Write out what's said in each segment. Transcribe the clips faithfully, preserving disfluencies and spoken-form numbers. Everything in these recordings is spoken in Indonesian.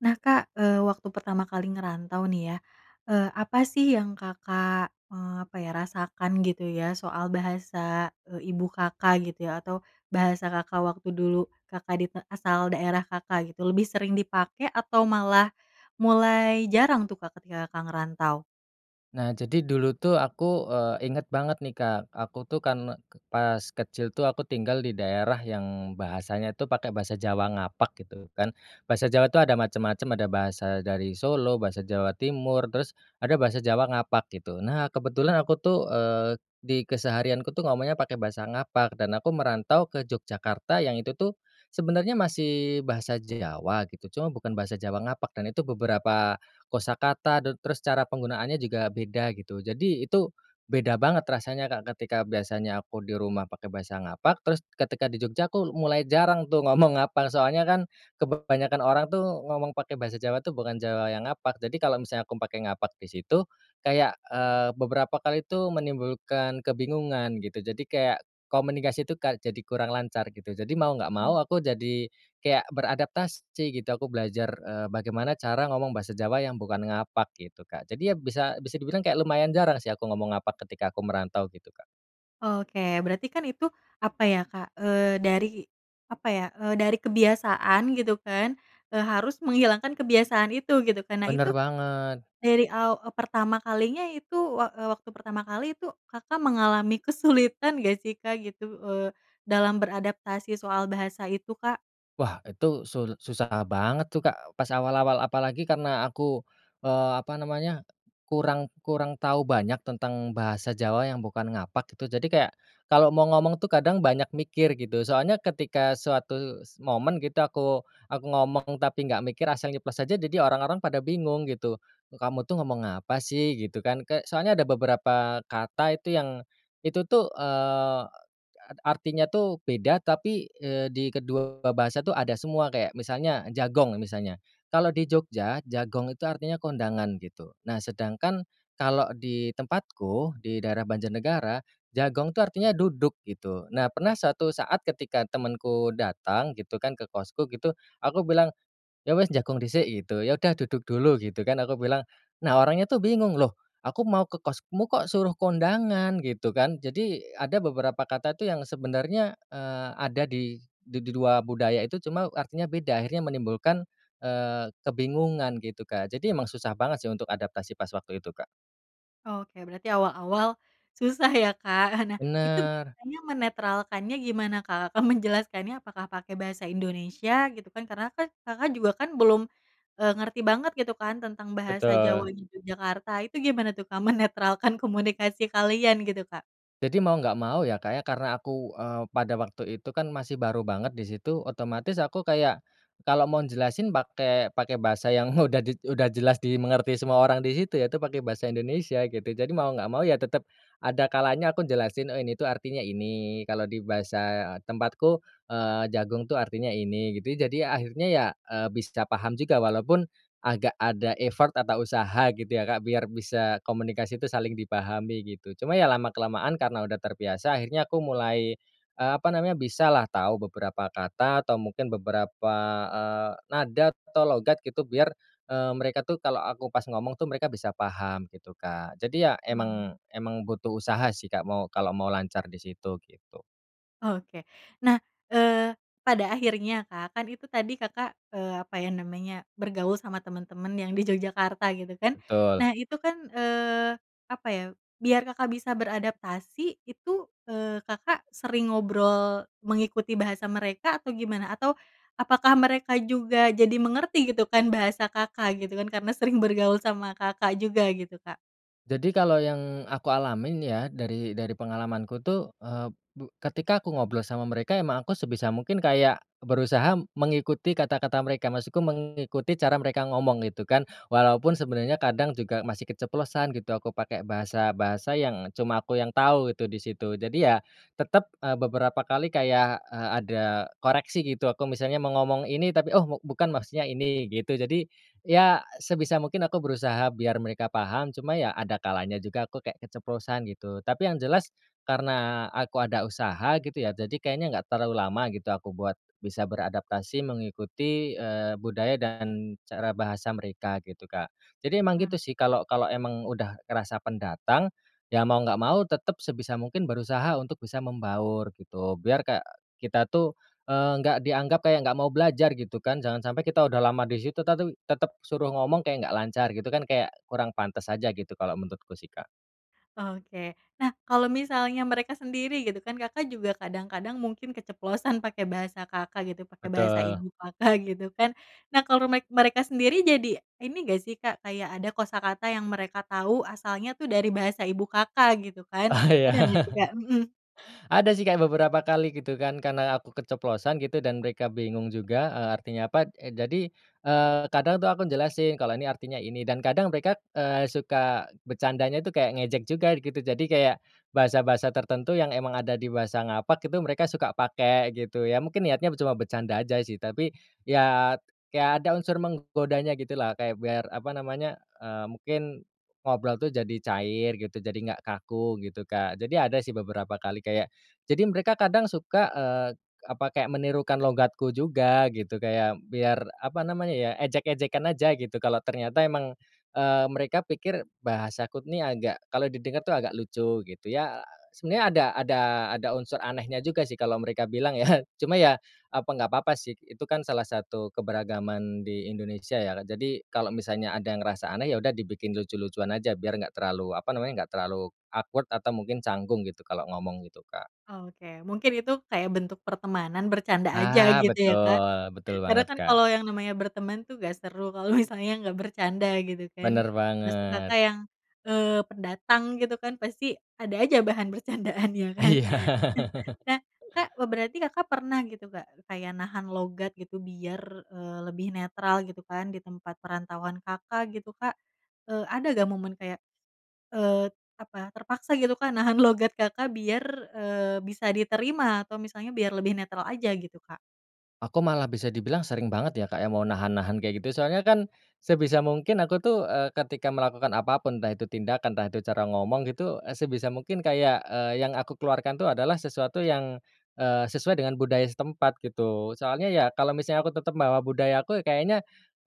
Nah, Kak, eee, waktu pertama kali ngerantau, nih, ya, eee, apa, sih, yang Kakak, eee, apa, ya, rasakan, gitu, ya, soal bahasa, eee, ibu Kakak, gitu, ya, atau bahasa Kakak waktu dulu Kakak di asal daerah Kakak, gitu, lebih sering dipakai atau malah mulai jarang, tuh, Kak, ketika Kakak ngerantau? Nah, jadi dulu, tuh, aku, eee, inget banget, nih, Kak, aku, tuh, kan, pas kecil, tuh, aku tinggal di daerah yang bahasanya itu pakai bahasa Jawa ngapak, gitu, kan. Bahasa Jawa itu ada macam-macam, ada bahasa dari Solo, bahasa Jawa Timur, terus ada bahasa Jawa ngapak, gitu. Nah, kebetulan aku, tuh, eee, di keseharianku, tuh, ngomongnya pakai bahasa ngapak dan aku merantau ke Yogyakarta yang itu, tuh, sebenarnya masih bahasa Jawa, gitu, cuma bukan bahasa Jawa ngapak, dan itu beberapa kosakata te terus cara penggunaannya juga beda, gitu. Jadi itu beda banget rasanya, Kak, ketika biasanya aku di rumah pakai bahasa ngapak terus ketika di Jogja, aku mulai jarang, tuh, ngomong ngapak, soalnya, kan, kebanyakan orang, tuh, ngomong pakai bahasa Jawa, tuh, bukan Jawa yang ngapak. Jadi kalau misalnya aku pakai ngapak di situ, kayak, eee, beberapa kali itu menimbulkan kebingungan, gitu. Jadi kayak komunikasi, tuh, Kak, jadi kurang lancar, gitu. Jadi mau nggak Mmm. mau aku jadi kayak beradaptasi, gitu. Aku belajar, eee, bagaimana cara ngomong bahasa Jawa yang bukan ngapak, gitu, Kak. Jadi, ya, bisa bisa dibilang kayak lumayan jarang, sih, aku ngomong ngapak ketika aku merantau, gitu, Kak. Oke, berarti, kan, itu apa, ya, Kak, eee, dari apa, ya, eee, dari kebiasaan, gitu, kan, eee, harus menghilangkan kebiasaan itu, gitu, kan. Nah, Bener itu banget. dari aw eee, pertama kalinya itu wak eee, waktu pertama kali itu Kakak mengalami kesulitan nggak, sih, Kak, gitu, eee, dalam beradaptasi soal bahasa itu, Kak? Wah, itu sul susah banget, tuh, Kak, pas awal-awal. Apalagi karena aku, eee, apa namanya, kurang kurang tau banyak tentang bahasa Jawa yang bukan ngapak, gitu, jadi kayak kalau mau ngomong, tuh, kadang banyak mikir, gitu. Soalnya ketika suatu momen, gitu, aku aku ngomong tapi nggak mikir, asal nyeplos aja, jadi orang-orang pada bingung, gitu. "Kamu, tuh, ngomong apa, sih?" Gitu, kan. Ke soalnya ada beberapa kata itu yang itu, tuh, eee, artinya, tuh, beda, tapi, eee, di kedua bahasa, tuh, ada semua, kayak misalnya jagong misalnya, kalau di Jogja jagong itu artinya kondangan, gitu. Nah, sedangkan kalau di tempatku, di daerah Banjarnegara, jagong, tuh, artinya duduk, gitu. Nah, pernah suatu saat ketika temanku datang, gitu, kan, ke kosku, gitu, aku bilang, "Ya, wis, jagong dhisik." Gitu, "Ya, udah, duduk dulu." Gitu, kan, aku bilang. Nah, orangnya, tuh, bingung, "Loh, aku mau ke kosmu, kok, suruh kondangan." Gitu, kan. Jadi ada beberapa kata, tuh, yang sebenarnya, eee, ada di di dua budaya itu, cuma artinya beda. Akhirnya menimbulkan, eee, kebingungan, gitu, Kak. Jadi emang susah banget, sih, untuk adaptasi pas waktu itu, Kak. Oke. Berarti awal-awal susah, ya, Kak. Nah, itu Bener. biasanya menetralkannya gimana, Kak? Kakak menjelaskannya apakah pakai bahasa Indonesia, gitu, kan? Karena, kan, Kakak juga, kan, belum, eee, ngerti banget, gitu, kan, tentang bahasa Betul. Jawanya Yogyakarta, itu gimana, tuh, Kak, menetralkan komunikasi kalian, gitu, Kak? Jadi mau nggak mau, ya, Kak, ya, karena aku, eee, pada waktu itu, kan, masih baru banget di situ, otomatis aku kayak kalau mau jelasin pakai pakai bahasa yang udah di udah jelas dimengerti semua orang di situ, ya, itu pakai bahasa Indonesia, gitu. Jadi mau nggak mau, ya, tetap ada kalanya aku jelasin ini, tuh, artinya ini, kalau di bahasa tempatku, eee, jagong, tuh, artinya ini, gitu, ya. Jadi, ya, akhirnya, ya, eee, bisa paham juga walaupun agak ada effort atau usaha, gitu, ya, Kak, biar bisa komunikasi itu saling dipahami, gitu. Cuma, ya, lama-kelamaan karena udah terbiasa akhirnya aku mulai, eee, apa namanya, bisalah tau beberapa kata atau mungkin beberapa, eee, nada atau logat, gitu, biar, eee, mereka, tuh, kalau aku pas ngomong, tuh, mereka bisa paham, gitu, Kak. Jadi, ya, Mmm. emang emang butuh usaha, sih, Kak, mau kalau mau lancar di situ, gitu. Oke nah, eee, pada akhirnya Kak kan itu tadi Kakak, eee, apa ya namanya bergaul sama teman-teman yang di Yogyakarta gitu kan Betul. nah itu kan, eee, apa ya biar Kakak bisa beradaptasi itu, eee, Kakak sering ngobrol mengikuti bahasa mereka atau gimana? Atau apakah mereka juga jadi mengerti gitu kan bahasa Kakak gitu kan karena sering bergaul sama Kakak juga gitu Kak? Jadi kalau yang aku alamin ya dari dari pengalamanku tuh, eee, bu ketika aku ngobrol sama mereka emang aku sebisa mungkin kayak berusaha mengikuti kata-kata mereka maksudku mengikuti cara mereka ngomong gitu kan walaupun sebenarnya kadang juga masih keceplosan gitu aku pakai bahasa-bahasa yang cuma aku yang tahu itu di situ jadi ya, tetap, eee, beberapa kali kayak, eee, ada koreksi gitu aku misalnya mau ngomong ini tapi oh me bukan maksudnya ini gitu jadi, ya sebisa mungkin aku berusaha biar mereka paham cuma ya ada kalanya juga aku kayak keceplosan gitu tapi yang jelas karena aku ada usaha gitu ya jadi kayaknya nggak terlalu lama gitu aku buat bisa beradaptasi mengikuti, eee, budaya dan cara bahasa mereka gitu Kak, jadi emang gitu Mmm. sih kalau kalau emang udah ngerasa pendatang, ya mau nggak mau tetap sebisa mungkin berusaha untuk bisa membaur gitu biar kayak kita tuh, eee, nggak dianggap kayak nggak mau belajar gitu kan jangan sampai kita udah lama di situ tatu tetap suruh ngomong kayak enggak lancar gitu kan kayak kurang pantes aja gitu kalau menurutku sih Kak. Oke nah kalau misalnya mereka sendiri gitu kan Kakak juga kadang-kadang mungkin keceplosan pakai bahasa Kakak gitu pakai bahasa Betul. ibu Kakak gitu kan nah kalau mek mereka sendiri jadi ini gak sih Kak kayak ada kosakata yang mereka tau asalnya tuh dari bahasa ibu Kakak gitu kan Ah, iya. ada gak sih Kak? Mhm. Ada sih kayak beberapa kali gitu kan karena aku keceplosan gitu dan mereka bingung juga, eee, artinya apa e jadi, eee, kadang tuh aku jelasin kalau ini artinya ini dan kadang mereka, eee, suka bercandanya itu kayak ngejek juga gitu jadi kayak, bahasa-bahasa tertentu yang emang ada di bahasa ngapak itu mereka suka pakai gitu ya mungkin niatnya ber cuma bercanda aja sih tapi ya kayak ada unsur menggodanya gitu lah kayak biar apa namanya, eee, mungkin ngobrol tuh jadi cair gitu jadi nggak kaku gitu Kak jadi ada sih beberapa kali kayak, jadi mereka kadang suka, eee, apa kayak menirukan logatku juga gitu kayak biar apa namanya ya ejek-ejekan aja gitu kalau ternyata emang, eee, mereka pikir bahasaku ini agak kalau di dekat tuh agak lucu gitu ya. Sebenarnya ada ada ada unsur anehnya juga sih kalau mereka bilang ya cuma ya apa ya apa nggak apa-apa sih itu kan salah satu keberagaman di Indonesia ya jadi kalau misalnya ada yang ngerasa aneh ya udah dibikin lucu-lucuan aja biar nggak terlalu apa namanya, nggak terlalu awkward atau mungkin canggung gitu kalau ngomong gitu Kak. Oke mungkin itu kayak bentuk pertemanan bercanda aja Ah, gitu ya Kak, betul betul karena banget kan Kak. kalau yang namanya berteman tuh gak seru kalau misalnya nggak bercanda gitu kan Bener maksud banget. Kakak yang, eee, pendatang gitu kan pasti ada aja bahan bercandaan ya kan, Iya. nah Kak be berarti Kakak pernah gitu Kak kayak nahan logat gitu biar, eee, lebih netral gitu kan di tempat perantauan Kakak gitu Kak, eee, ada gak momen kayak, eee apa terpaksa gitu Kak nahan logat Kakak biar, eee, bisa diterima atau misalnya biar lebih netral aja gitu Kak? Aku malah bisa dibilang sering banget ya Kak ya mau nahan-nahan kayak gitu soalnya kan sebisa mungkin aku tuh, eee, ketika melakukan apa pun entah itu tindakan entah itu cara ngomong gitu, eee, sebisa mungkin kayak, eee, yang aku keluarkan tuh adalah sesuatu yang, eee, sesuai dengan budaya setempat gitu soalnya ya, kalau misalnya aku tetap bawa budaya aku kayaknya,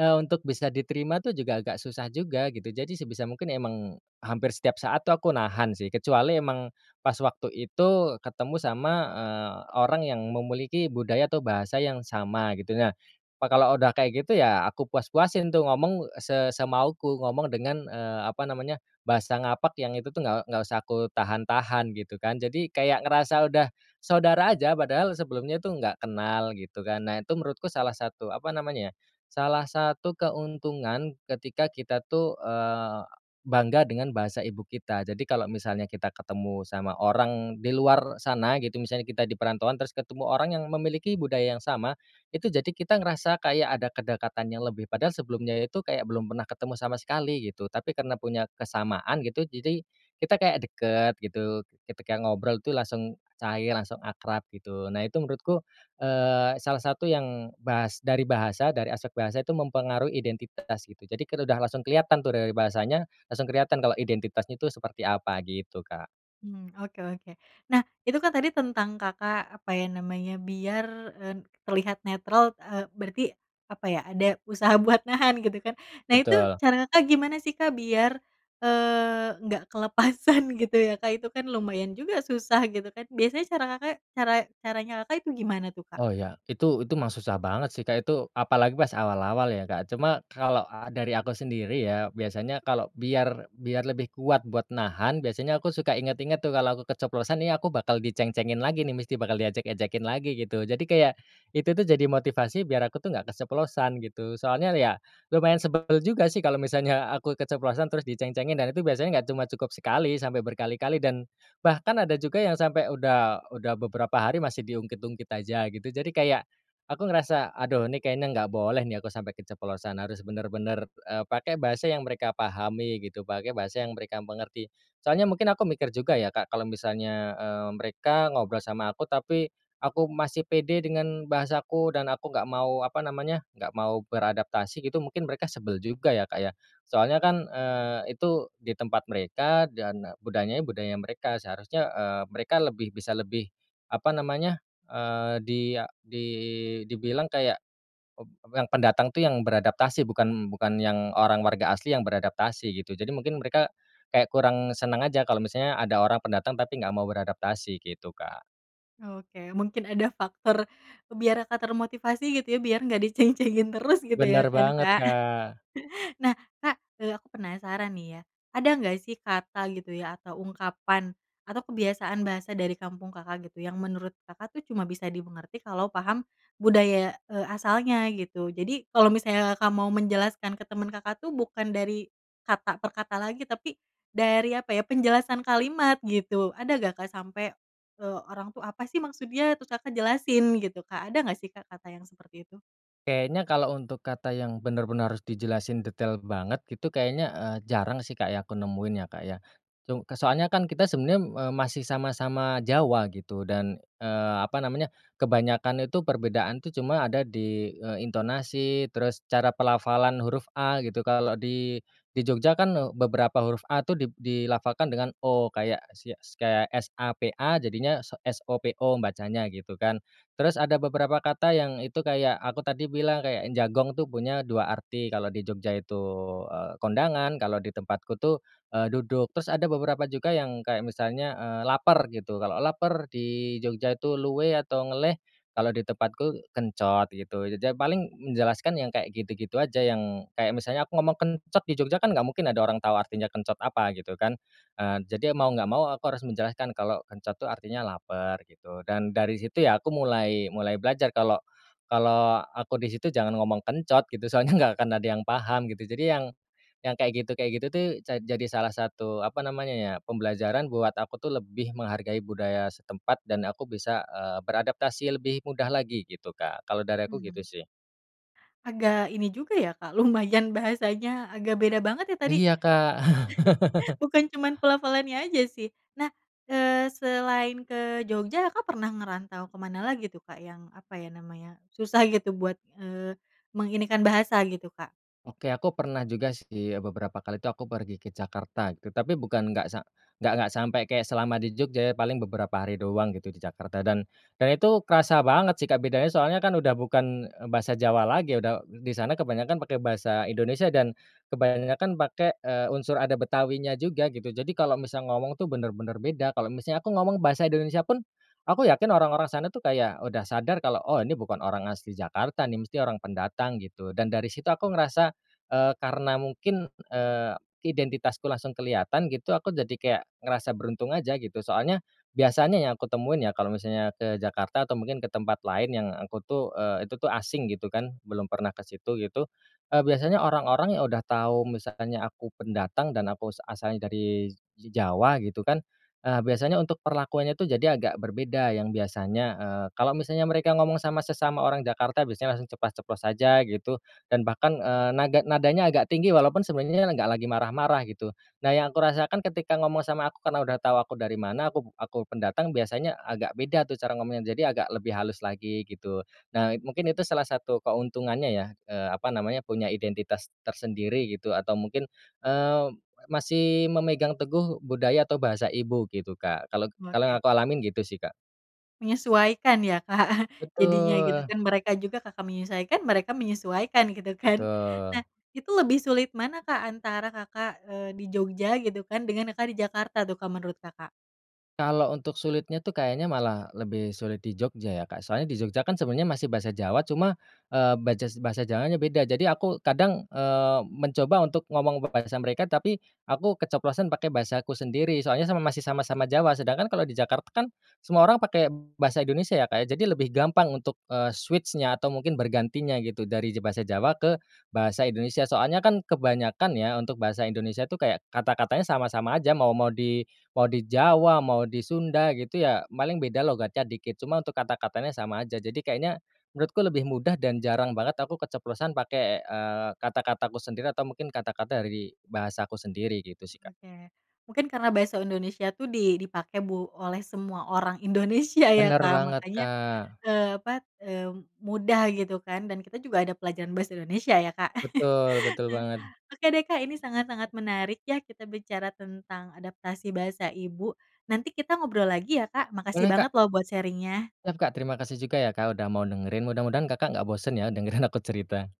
eee, untuk bisa diterima tuh juga agak susah juga gitu jadi sebisa mungkin emang hampir setiap saat tuh aku nahan sih kecuali emang pas waktu itu ketemu sama, eee, orang yang memiliki budaya atau bahasa yang sama gitu nah, wah kalau udah kayak gitu ya aku puas-puasin tuh ngomong se semauku ngomong dengan, eee, apa namanya bahasa ngapak yang itu tuh nggak nggak usah aku tahan-tahan gitu kan jadi kayak ngerasa udah saudara aja padahal sebelumnya tuh nggak kenal gitu kan nah itu menurutku salah satu apa namanya ya salah satu keuntungan ketika kita tuh, eee, bangga dengan bahasa ibu kita jadi kalau misalnya kita ketemu sama orang di luar sana gitu misalnya kita di perantauan terus ketemu orang yang memiliki budaya yang sama, itu jadi kita ngerasa kayak ada kedekatan yang lebih padahal sebelumnya itu kayak belum pernah ketemu sama sekali gitu, tapi karena punya kesamaan gitu jadi kita kayak deket gitu ketika ngobrol itu langsung cair langsung akrab gitu nah itu menurutku, eee, salah satu yang bahas dari bahasa dari aspek bahasa itu mempengaruhi identitas gitu jadi kita udah langsung kelihatan tuh dari bahasanya langsung kelihatan kalau identitasnya itu seperti apa gitu Kak. Mmm, oke-oke nah itu kan tadi tentang Kakak apa ya namanya biar, eee, terlihat netral, eee, berarti apa ya ada usaha buat nahan gitu kan nah itu Betul. cara Kakak gimana sih Kak biar, eee, enggak kelepasan gitu ya Kak itu kan lumayan juga susah gitu kan biasanya cara Kakak cara caranya Kakak itu gimana tuh Kak? Oh ya itu itu mah susah banget sih Kak itu apalagi pas awal-awal ya Kak cuma kalau a dari aku sendiri ya biasanya kalau biar biar lebih kuat buat nahan biasanya aku suka inget-inget tuh kalau aku keceplosan nih aku bakal diceng-cengin lagi nih mesti bakal diejek-ejekin lagi gitu jadi kayak itu tuh jadi motivasi biar aku tuh nggak keceplosan gitu. Soalnya ya lumayan sebel juga sih kalau misalnya aku keceplosan terus di ceng-cengin dan itu biasanya nggak cuma cukup sekali, sampai berkali-kali dan bahkan ada juga yang sampai udah udah beberapa hari masih di ungkit-ungkit aja gitu jadi kayak, aku ngerasa aduh ini kayaknya nggak boleh nih aku sampai keceplosan harus bener-bener, eee, pakai bahasa yang mereka pahami gitu, pakai bahasa yang mereka mengerti. Soalnya mungkin aku mikir juga ya Kak kalau misalnya, eee, mereka ngobrol sama aku tapi aku masih pede dengan bahasaku dan aku nggak mau apa namanya nggak mau beradaptasi gitu mungkin mereka sebel juga ya, Kak, ya, soalnya kan, eee, itu di tempat mereka dan budayanya budaya mereka seharusnya, eee, mereka lebih bisa lebih, apa namanya, eee, di a di dibilang kayak, ep yang pendatang tuh yang beradaptasi bukan bukan yang orang warga asli yang beradaptasi gitu jadi mungkin mereka, kayak kurang senang aja kalau misalnya ada orang pendatang tapi enggak mau beradaptasi gitu Kak. Oke, mungkin ada faktor biar Kakak termotivasi, gitu, ya, biar nggak diceng-cengin terus, gitu, ya, Benar kan, banget, Kak. Kak. Nah, Kak, eee, aku penasaran, nih, ya, ada nggak, sih, kata, gitu, ya, atau ungkapan, atau kebiasaan bahasa dari kampung Kakak, gitu, yang menurut Kakak, tuh, cuma bisa dimengerti kalau paham budaya, eee, asalnya, gitu? Jadi kalau misalnya Kakak mau menjelaskan ke temen Kakak, tuh, bukan dari kata per kata lagi, tapi dari apa, ya, penjelasan kalimat, gitu, ada nggak, Kak, sampai, eee, orang, tuh, "Apa, sih, maksudnya?" Terus Kakak jelasin, gitu, Kak, ada nggak, sih, Kak, kata yang seperti itu? Kayaknya kalau untuk kata yang benar-benar harus dijelasin detail banget, gitu, kayaknya, eee, jarang, sih, Kak, ya, aku nemuin, ya, Kak, ya. Cu soalnya, kan, kita sebenarnya, eee, masih sama-sama Jawa, gitu, dan, eee, apa namanya, kebanyakan itu perbedaan, tuh, cuma ada di, eee, intonasi, terus cara pelafalan huruf A, gitu. Kalo di di Jogja, kan, beberapa huruf A, tuh, di dilafalkan dengan O. Kayak sia kaya S-A-P-A, jadinya so S-O-P-O, bacanya, gitu, kan. Terus ada beberapa kata yang itu kayak, aku tadi bilang kayak jagong, tuh, punya dua arti, kalau di Jogja itu, eee, kondangan, kalau di tempatku tuh, eee, duduk. Terus ada beberapa juga yang kayak misalnya, eee, "lapar," gitu. Kalau laper di Jogja itu luwe atau ngeleh, kalau di tempatku kencot, gitu. Jadi, ya, paling menjelaskan yang kayak gitu-gitu aja, yang kayak misalnya aku ngomong kencot di Jogja, kan, nggak mungkin ada orang tau artinya kencot apa, gitu, kan. Eee, jadi mau nggak mau aku harus menjelaskan kalau kencot, tuh, artinya lapar, gitu. Dan dari situ, ya, aku mulai mulai belajar kalau kalau aku di situ jangan ngomong kencot, gitu, soalnya nggak akan ada yang paham, gitu. Jadi yang yang kayak gitu kayak gitu, tuh, ja jadi salah satu, apa namanya, ya, pembelajaran buat aku, tuh, lebih menghargai budaya setempat dan aku bisa, eee, beradaptasi lebih mudah lagi, gitu, Kak. Kalau dari aku gitu, Mmm. sih. Agak ini juga, ya, Kak, lumayan bahasanya agak beda banget, ya, tadi. Iya, Kak. Bukan cuman pelafalannya aja, sih. Nah, eee, selain ke Jogja, Kakak pernah ngerantau ke mana lagi, tuh, Kak, yang apa, ya, namanya, susah, gitu, buat, eee, menginikan bahasa, gitu, Kak? Oke, aku pernah juga, sih, ya, beberapa kali, tuh, aku pergi ke Jakarta, gitu. Tapi bukan nggak sa nggak nggak sampai kayak selama di Jogja, ya, paling beberapa hari doang, gitu, di Jakarta. Dan dan itu kerasa banget, sih, Kak, bedanya. Soalnya, kan, udah bukan, eee, bahasa Jawa lagi. Udah di sana kebanyakan pakai bahasa Indonesia dan kebanyakan pakai, eee, unsur ada Betawinya juga, gitu. Jadi kalau misal ngomong, tuh, benar-benar beda. Kalau misalnya aku ngomong bahasa Indonesia, pun, aku yakin orang-orang sana, tuh, kayak udah sadar kalau, oh, ini bukan orang asli Jakarta, nih, mesti orang pendatang, gitu. Dan dari situ aku ngerasa, eee, karena mungkin, eee, identitasku langsung kelihatan, gitu, aku jadi kayak ngerasa beruntung aja, gitu. Soalnya biasanya yang aku temuin, ya, kalau misalnya ke Jakarta atau mungkin ke tempat lain yang aku, tuh, eee, itu, tuh, asing, gitu, kan, belum pernah ke situ, gitu, eee, biasanya orang-orang yang udah tau misalnya aku pendatang dan aku as asalnya dari Jawa, gitu, kan, eee, biasanya untuk perlakuannya, tuh, jadi agak berbeda, yang biasanya, eee, kalau misalnya mereka ngomong sama sesama orang Jakarta biasanya langsung ceplas-ceplos saja, gitu. Dan bahkan, eee, naga nadanya agak tinggi walaupun sebenernya nggak lagi marah-marah, gitu. Nah, yang kurasakan ketika ngomong sama aku, karena udah tau aku dari mana, aku aku pendatang, biasanya agak beda, tuh, cara ngomongnya. Jadi agak lebih halus lagi, gitu. Nah, mungkin itu salah satu keuntungannya, ya, eee, apa namanya, punya identitas tersendiri, gitu, atau mungkin, eee, masih memegang teguh budaya atau bahasa ibu, gitu, Kak. Kalau kalau yang Oke. aku alamin gitu, sih, Kak. Menyesuaikan, ya, Kak, jadinya, gitu, Betul. kan, mereka juga, Kakak menyesuaikan, mereka menyesuaikan, gitu, kan. Betul. Nah, itu lebih sulit mana, Kak, antara Kakak, eee, di Jogja, gitu, kan, dengan Kakak di Jakarta, tuh, Kak, menurut Kakak? Kalau untuk sulitnya, tuh, kayaknya malah lebih sulit di Jogja, ya, Kak. Soalnya di Jogja, kan, sebenarnya masih bahasa Jawa, cuma, eee, bajas bahasa Jawanya beda. Jadi aku kadang, eee, mencoba untuk ngomong bahasa mereka tapi aku keceplosan pakai bahasaku sendiri. Soalnya sama masih sama-sama Jawa. Sedangkan kalau di Jakarta, kan, semua orang pakai bahasa Indonesia, ya, Kak, ya. Jadi lebih gampang untuk, eee, switch-nya atau mungkin bergantinya, gitu, dari je bahasa Jawa ke bahasa Indonesia. Soalnya, kan, kebanyakan, ya, untuk bahasa Indonesia, tuh, kayak kata-katanya sama-sama aja. Mau mau di mau di Jawa, mau di Sunda, gitu, ya, paling beda logatnya dikit. Cuma untuk kata-katanya sama aja. Jadi kayaknya menurutku lebih mudah dan jarang banget aku keceplosan pakai, eee, kata-kataku sendiri, atau mungkin kata-kata dari bahasa aku sendiri, gitu, sih, Kak. Oke, mungkin karena bahasa Indonesia, tuh, di dipakai bu oleh semua orang Indonesia, ya, Benar Kak, banget, makanya, Kak. eee, apa, eee, mudah, gitu, kan, dan kita juga ada pelajaran bahasa Indonesia, ya, Kak. Betul betul banget. Oke, deh, Kak, ini sangat-sangat menarik, ya, kita bicara tentang adaptasi bahasa ibu. Nanti kita ngobrol lagi, ya, Kak. Makasih Boleh, banget, Kak. loh, buat sharing-nya. Siap, Kak, terima kasih juga, ya, Kak, udah mau dengerin. Mudah-mudahan Kakak nggak bosan, ya, dengerin aku cerita.